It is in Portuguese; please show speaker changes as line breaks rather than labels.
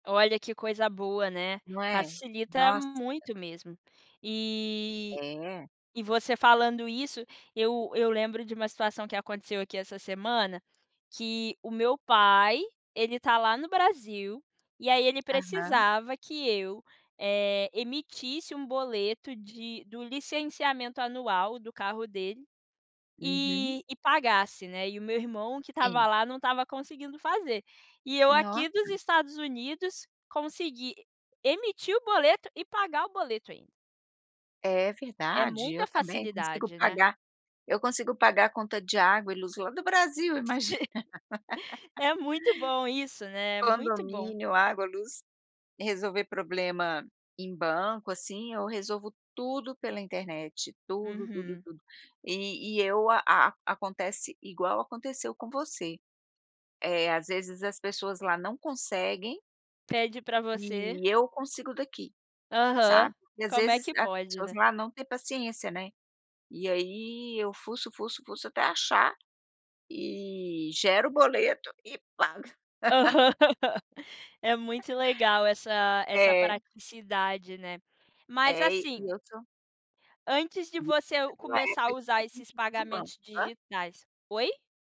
Olha que coisa boa, né,
Não é,
facilita
nossa.
muito mesmo. E
É.
e você falando isso, eu eu lembro de uma situação que aconteceu aqui essa semana, que o meu pai, ele tá lá no Brasil, e aí ele
Aham.
precisava que eu, eh, emitisse um boleto de do licenciamento anual do carro dele,
Uhum.
e e pagasse, né, e o meu irmão que estava
Sim.
lá não estava conseguindo fazer. E eu aqui dos
Nossa.
Estados Unidos consegui emitir o boleto e pagar o boleto ainda.
É
É
verdade,
muita
eu também consigo
facilidade, né?
pagar, eu consigo pagar conta de água e luz lá do Brasil imagina.
Sim. É muito bom isso, né, é muito bom.
Condomínio, água, luz, resolver problema em banco, assim, eu resolvo tudo pela internet tudo, tudo,
Uhum.
tudo, e e eu a acontece igual aconteceu com você, eh, às vezes as pessoas lá não conseguem
Pede pra você.
e eu consigo daqui,
Aham,
sabe? E às
como é
vezes
que
as
pode,
pessoas
né?
lá não têm paciência, né. E aí eu fuço, fuço, fuço até achar, e gero o boleto e pago.
Aham, é muito legal essa essa
É.
praticidade, né, mas
É e e
assim
eu sou
antes de você começar a usar esses
[unintelligible] Do banco,
pagamentos
hã?
digitais oi?